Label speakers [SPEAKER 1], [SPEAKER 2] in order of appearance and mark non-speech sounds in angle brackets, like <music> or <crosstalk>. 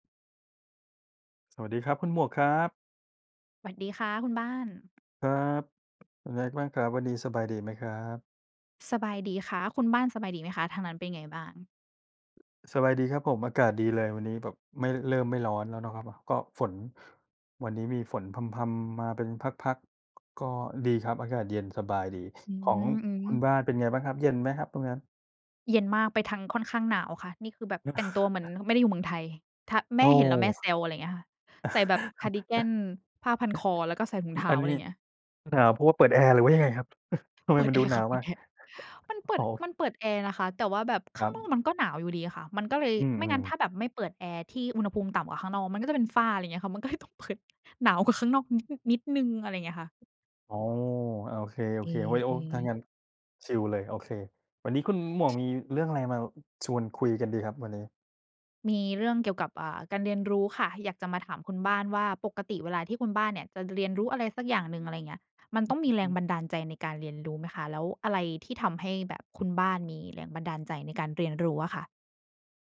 [SPEAKER 1] สวัสดีครับคุณหมวกครับ
[SPEAKER 2] หวัดดีค่ะคุณบ้าน
[SPEAKER 1] ครับ เป็นไงบ้างครับ วันนี้สบายดีไหมครับ?
[SPEAKER 2] สบายดีค่ะ คุณบ้านสบายดีไหมคะ ทางนั้นเป็นไงบ้าง?
[SPEAKER 1] สบายดีครับผม อากาศดีเลย วันนี้แบบไม่ เริ่มไม่ร้อนแล้วนะครับ ก็ฝน วันนี้มีฝนพรำ ๆ มาเป็นพัก ๆ ก็ดีครับ อากาศเย็นสบายดี
[SPEAKER 2] อื
[SPEAKER 1] ของคุ
[SPEAKER 2] ม
[SPEAKER 1] ณ
[SPEAKER 2] ๆ
[SPEAKER 1] บ้านเป็นไงบ้างครับ เย็นไหมครับตรงนั้น?
[SPEAKER 2] เย็นมาก ไปทางค่อนข้างหนาวค่ะ นี่คือแบบแต่งตัวเหมือน
[SPEAKER 1] <chuckles>
[SPEAKER 2] ฮ ไม่ได้อยู่เมืองไทย ถ้า แ
[SPEAKER 1] โ
[SPEAKER 2] ม
[SPEAKER 1] อ ้
[SPEAKER 2] ่เห็นแล้วแม่แซว อะไรเงี้ยค่ะ ใส่แบบคาร์ดิกัน ผ้าพันคอ แล้วก็ใส่ถุงเท
[SPEAKER 1] <chuckles>
[SPEAKER 2] ้
[SPEAKER 1] อั
[SPEAKER 2] า
[SPEAKER 1] น
[SPEAKER 2] อะ
[SPEAKER 1] น
[SPEAKER 2] ไ
[SPEAKER 1] ี้
[SPEAKER 2] รเงี้ย
[SPEAKER 1] หนาวเพราะว่าเปิดแอร์หรือว่ายังไงครับ? <chuckles> ทำไ
[SPEAKER 2] เ
[SPEAKER 1] ม
[SPEAKER 2] ปิ
[SPEAKER 1] ม
[SPEAKER 2] ด
[SPEAKER 1] ัน
[SPEAKER 2] แ
[SPEAKER 1] ด
[SPEAKER 2] อ
[SPEAKER 1] ู
[SPEAKER 2] ร์
[SPEAKER 1] หน
[SPEAKER 2] ค่
[SPEAKER 1] า
[SPEAKER 2] ะ
[SPEAKER 1] ว
[SPEAKER 2] เปิ
[SPEAKER 1] มา
[SPEAKER 2] ด
[SPEAKER 1] ก
[SPEAKER 2] แอร์ มันเปิ
[SPEAKER 1] อ๋
[SPEAKER 2] ด
[SPEAKER 1] อ
[SPEAKER 2] มันเปิดแอร์นะคะ แต่ว่าแบบข
[SPEAKER 1] ค
[SPEAKER 2] ้
[SPEAKER 1] ร
[SPEAKER 2] า
[SPEAKER 1] ั
[SPEAKER 2] งน
[SPEAKER 1] บ
[SPEAKER 2] อกมันก็หนาวอยู่ดีอะค่ะ มันก็เลย
[SPEAKER 1] อื
[SPEAKER 2] ไม่งั
[SPEAKER 1] อ
[SPEAKER 2] ้นถ
[SPEAKER 1] ๆ
[SPEAKER 2] ้าแบบไม่เปิดแอร์ที่อุณหภูมิต่ำกว่าข้างนอกมันก็จะเป็นฝ้า อะไรเงี้ยค่ะ มันก็เลยต้องเปิด หนาวกว่าข้างนอกนิด อ นิดหนึ่ง อะไรเงี้ยค่ะ
[SPEAKER 1] อ๋อ อา โอ
[SPEAKER 2] เอ
[SPEAKER 1] เ
[SPEAKER 2] ๊
[SPEAKER 1] ค ๆ ไว้โอ ถ้า
[SPEAKER 2] ๆ
[SPEAKER 1] งั้นชิลเลย โอเค วันนี้คุณหมวกมีเรื่องอะไรมาชวนคุยกันดีครับวันนี้?
[SPEAKER 2] มีเรื่องเกี่ยวกับ อ่า การเรียนรู้ค่ะ อยากจะมาถามคุณบ้านว่า ปกติเวลาที่คุณบ้านเนี่ยจะเรียนรู้อะไรสักอย่างหนึ่ง อะไรเงี้ย มัน
[SPEAKER 1] ฮ
[SPEAKER 2] ต
[SPEAKER 1] อ
[SPEAKER 2] ้องมีแร
[SPEAKER 1] อื
[SPEAKER 2] ง
[SPEAKER 1] ม
[SPEAKER 2] บันดาลใจในการเรียนรู้ไหมคะ แล้วอะไรที่ทำให้แบบคุณบ้านมีแรงบันดาลใจในการเรียนรู้อะค่ะ?